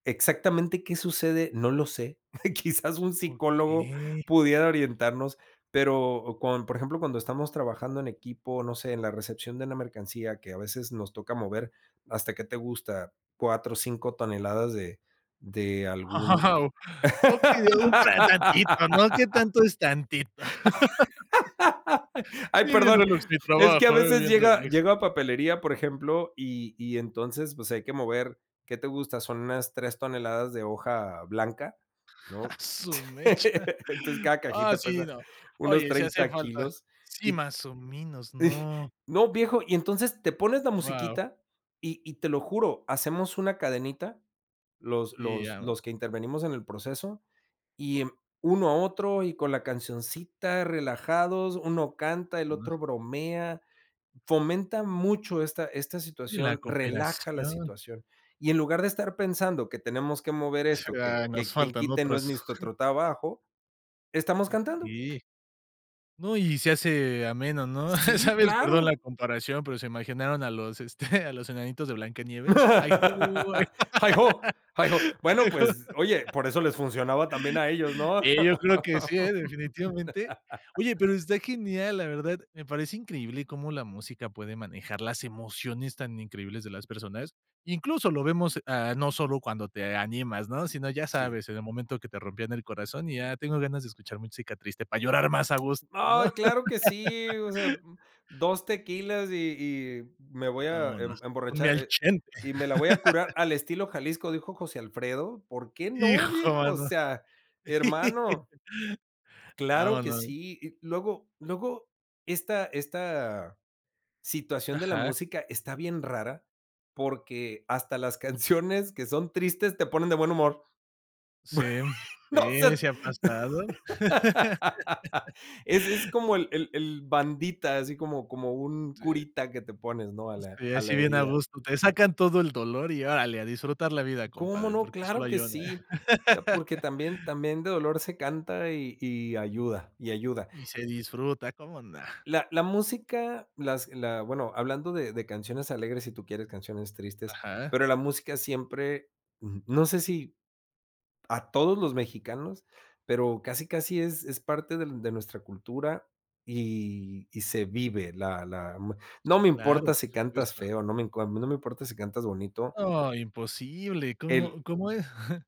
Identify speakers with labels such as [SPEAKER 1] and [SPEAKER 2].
[SPEAKER 1] Exactamente, ¿qué sucede?, no lo sé. Quizás un psicólogo
[SPEAKER 2] ¡Okey!
[SPEAKER 1] pudiera orientarnos, pero con Por ejemplo, cuando estamos trabajando en equipo, no sé, en la recepción de una mercancía que a veces nos toca mover hasta, ¿qué te gusta? 4, 5 toneladas de de algún
[SPEAKER 2] ¡Wao! Okey, de un tan tantito, ¿no?, qué tanto es tantito.
[SPEAKER 1] Ay,
[SPEAKER 2] Sí, bien
[SPEAKER 1] perdón,
[SPEAKER 2] relax mi
[SPEAKER 1] es que a
[SPEAKER 2] trabajo, ¿eh?,
[SPEAKER 1] veces
[SPEAKER 2] bien
[SPEAKER 1] llega
[SPEAKER 2] relax.
[SPEAKER 1] llega papelería, por ejemplo, y y entonces, pues hay que mover, ¿qué te gusta?, son unas 3 toneladas de hoja blanca,
[SPEAKER 2] ¡A
[SPEAKER 1] ¿no?,
[SPEAKER 2] su mecha!
[SPEAKER 1] entonces, cada
[SPEAKER 2] Ah,
[SPEAKER 1] cajita
[SPEAKER 2] sí,
[SPEAKER 1] pesa
[SPEAKER 2] no.
[SPEAKER 1] unos
[SPEAKER 2] Oye, si hace
[SPEAKER 1] 30
[SPEAKER 2] falta.
[SPEAKER 1] kilos
[SPEAKER 2] Sí,
[SPEAKER 1] y
[SPEAKER 2] más o menos,
[SPEAKER 1] y
[SPEAKER 2] no.
[SPEAKER 1] No, viejo, y entonces te pones la
[SPEAKER 2] ¡Guau!
[SPEAKER 1] musiquita, y y te lo juro, hacemos una cadenita, los
[SPEAKER 2] Y
[SPEAKER 1] los
[SPEAKER 2] ya.
[SPEAKER 1] los que intervenimos en el proceso y, em, uno a otro y con la cancioncita relajados, uno canta, el otro
[SPEAKER 2] [unintelligible]
[SPEAKER 1] bromea, fomenta mucho esta esta
[SPEAKER 2] Sí, la
[SPEAKER 1] situación, relaja la
[SPEAKER 2] cooperación.
[SPEAKER 1] situación, y en lugar de estar pensando que tenemos que mover
[SPEAKER 2] Sí,
[SPEAKER 1] esto, que
[SPEAKER 2] ah, nos
[SPEAKER 1] que quien
[SPEAKER 2] faltan
[SPEAKER 1] quite no es
[SPEAKER 2] otras.
[SPEAKER 1] ni nuestro trabajo, estamos cantando.
[SPEAKER 2] Okey, no, y se hace ameno, ¿no?,
[SPEAKER 1] Sí,
[SPEAKER 2] ¿sabes?, perdón la
[SPEAKER 1] claro.
[SPEAKER 2] comparación, pero, se me imaginaron a los, este, a los enanitos de Blancanieves. Ay ho, ay
[SPEAKER 1] ¡Heigh-ho, heigh-ho! Bueno,
[SPEAKER 2] ay ho
[SPEAKER 1] pues, oye, por eso les funcionaba también a ellos, ¿no?
[SPEAKER 2] eh, yo creo que sí, ¿eh?, definitivamente. Oye, pero está genial, la verdad, me parece increíble cómo la música puede manejar las emociones tan increíbles de las personas. Incluso, lo vemos, ah, no solo cuando te animas, ¿no?, sino, ya
[SPEAKER 1] Sí.
[SPEAKER 2] sabes, en el momento que te rompían el corazón, y ya tengo ganas de escuchar música triste para llorar más a gusto, ¿no?
[SPEAKER 1] ¡Ay, claro que sí! O sea, 2 tequilas y y me voy a em
[SPEAKER 2] Vámonos, ponme
[SPEAKER 1] emborrachar,
[SPEAKER 2] al
[SPEAKER 1] eh,
[SPEAKER 2] Chente.
[SPEAKER 1] y me la voy a curar "al estilo Jalisco", dijo José Alfredo, ¿por qué no,
[SPEAKER 2] ¡Hijo
[SPEAKER 1] viejo?, o
[SPEAKER 2] mano!
[SPEAKER 1] sea, hermano, claro que
[SPEAKER 2] Vámonos.
[SPEAKER 1] sí. Y luego luego esta esta situación de la
[SPEAKER 2] Ajá.
[SPEAKER 1] música está bien rara, porque hasta las canciones que son tristes te ponen de buen humor.
[SPEAKER 2] Sí, mm,
[SPEAKER 1] No sé,
[SPEAKER 2] sí, sí ha pasado.
[SPEAKER 1] ese es como el el el bandita, así como como un
[SPEAKER 2] Sí.
[SPEAKER 1] curita que te pones, ¿no?, a la
[SPEAKER 2] Sí,
[SPEAKER 1] a la
[SPEAKER 2] así, bien a
[SPEAKER 1] herida.
[SPEAKER 2] gusto, te sacan todo el dolor y órale, a disfrutar la vida,
[SPEAKER 1] ¿Cómo
[SPEAKER 2] compadre,
[SPEAKER 1] no?,
[SPEAKER 2] porque solo
[SPEAKER 1] ¡claro
[SPEAKER 2] hay
[SPEAKER 1] que
[SPEAKER 2] una.
[SPEAKER 1] sí!, ta Porque también también de dolor se canta y y ayuda y ayuda.
[SPEAKER 2] Y se disfruta, ¿cómo no?
[SPEAKER 1] La la música, las la, bueno, hablando de de canciones alegres, si tú quieres canciones tristes,
[SPEAKER 2] Ajá.
[SPEAKER 1] pero la música siempre Ujú. No sé si, a todos los mexicanos, pero, casi casi, es es parte del de nuestra cultura, y y se vive la la, m No
[SPEAKER 2] Sí,
[SPEAKER 1] me
[SPEAKER 2] claro,
[SPEAKER 1] importa
[SPEAKER 2] por
[SPEAKER 1] si cantas
[SPEAKER 2] supuesto.
[SPEAKER 1] feo, no me inco a mí no me importa si cantas bonito
[SPEAKER 2] ¡No, imposible!
[SPEAKER 1] El
[SPEAKER 2] ¿Cómo cómo es?